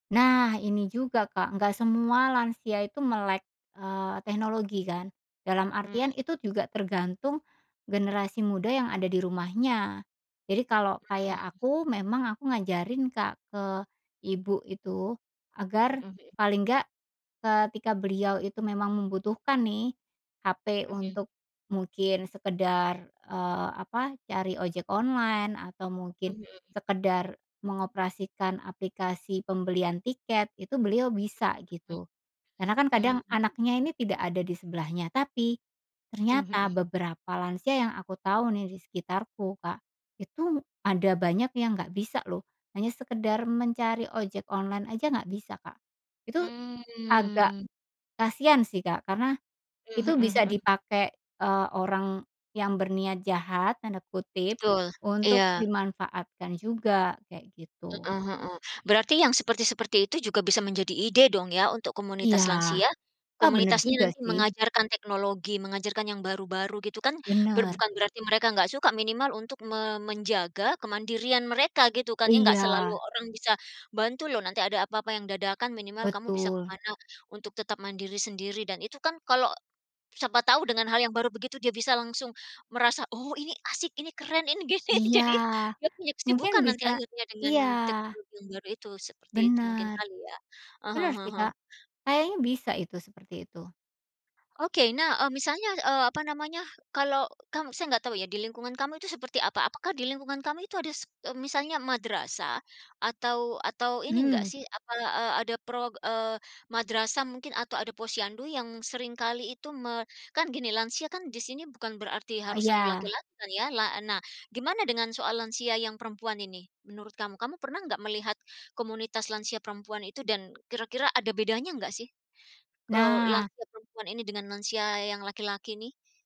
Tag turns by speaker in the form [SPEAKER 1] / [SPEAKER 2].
[SPEAKER 1] Nah ini juga Kak, nggak semua lansia itu melek, eee, teknologi kan. Dalam
[SPEAKER 2] Hmm.
[SPEAKER 1] artian itu juga tergantung generasi muda yang ada di rumahnya, jadi kalau kayak
[SPEAKER 2] Hmm.
[SPEAKER 1] aku memang aku ngajarin Kak ke Ibu itu agar
[SPEAKER 2] Heeh heeh.
[SPEAKER 1] paling enggak, ketika beliau itu memang membutuhkan nih HP
[SPEAKER 2] Oh, ya.
[SPEAKER 1] untuk mungkin sekedar, eee, apa, cari ojek online atau
[SPEAKER 2] Oh
[SPEAKER 1] mungkin
[SPEAKER 2] ya.
[SPEAKER 1] sekedar mengoperasikan aplikasi pembelian tiket, itu beliau bisa gitu. Karena kan
[SPEAKER 2] Mhm,
[SPEAKER 1] kadang anaknya
[SPEAKER 2] mmm.
[SPEAKER 1] ini tidak ada disebelahnya tapi
[SPEAKER 2] Oh,
[SPEAKER 1] ternyata
[SPEAKER 2] heeh.
[SPEAKER 1] beberapa lansia yang aku tahu nih di sekitarku Kak, itu ada banyak yang nggak bisa loh hanya sekedar mencari ojek online aja nggak bisa, Kak. Itu agak
[SPEAKER 2] Mmm.
[SPEAKER 1] kasihan sih Kak karena
[SPEAKER 2] Eee,
[SPEAKER 1] itu
[SPEAKER 2] heeh
[SPEAKER 1] bisa
[SPEAKER 2] heeh.
[SPEAKER 1] dipakai, eee, orang yang "berniat jahat" tanda kutip
[SPEAKER 2] Betul,
[SPEAKER 1] untuk
[SPEAKER 2] iya.
[SPEAKER 1] dimanfaatkan juga, kayak gitu.
[SPEAKER 2] Heeh heeh, berarti yang seperti-seperti itu juga bisa menjadi ide dong ya untuk
[SPEAKER 1] Iya,
[SPEAKER 2] komunitas lansia?
[SPEAKER 1] eh bener
[SPEAKER 2] Komunitasnya
[SPEAKER 1] juga
[SPEAKER 2] nanti
[SPEAKER 1] sih.
[SPEAKER 2] mengajarkan teknologi, mengajarkan yang baru-baru gitu kan ber
[SPEAKER 1] Bener.
[SPEAKER 2] bukan berarti mereka nggak suka, minimal untuk me menjaga kemandirian mereka gitu kan ya? Enggak
[SPEAKER 1] Iya.
[SPEAKER 2] selalu orang bisa bantu loh nanti ada apa-apa yang dadakan minimal kamu bisa ke
[SPEAKER 1] Betul.
[SPEAKER 2] mana untuk tetap mandiri sendiri dan itu kan kalau siapa tahu dengan hal yang baru begitu dia bisa langsung merasa, "Oh ini asik, ini keren, ini gini."
[SPEAKER 1] Iya
[SPEAKER 2] Jadi, dia punya
[SPEAKER 1] mungkin
[SPEAKER 2] kesibukan nanti
[SPEAKER 1] bisa
[SPEAKER 2] akhirnya dengan
[SPEAKER 1] iya.
[SPEAKER 2] teknologi yang baru itu seperti itu mungkin
[SPEAKER 1] Bener,
[SPEAKER 2] kali ya? Ah hah
[SPEAKER 1] bener
[SPEAKER 2] ah
[SPEAKER 1] sih,
[SPEAKER 2] hah.
[SPEAKER 1] Kak. Kayaknya bisa itu seperti itu.
[SPEAKER 2] Oke nah, eee, misalnya, eee, apa namanya, kalau kamu saya nggak tahu ya di lingkungan kamu itu seperti apa, apakah di lingkungan kamu itu ada s eee, misalnya madrasah? Atau atau ini nggak
[SPEAKER 1] Mmm.
[SPEAKER 2] sih, apa, e ada pro eee, madrasah mungkin atau ada posyandu yang sering kali itu me kan gini lansia kan di sini bukan berarti
[SPEAKER 1] E
[SPEAKER 2] harus selalu
[SPEAKER 1] iya.
[SPEAKER 2] laki-laki kan ya? La nah gimana dengan soal lansia yang perempuan ini menurut kamu? Kamu pernah enggak melihat komunitas lansia perempuan itu dan kira-kira ada bedanya enggak sih, eee,
[SPEAKER 1] Nah.
[SPEAKER 2] lansia perempuan ini dengan lansia yang laki-laki ini?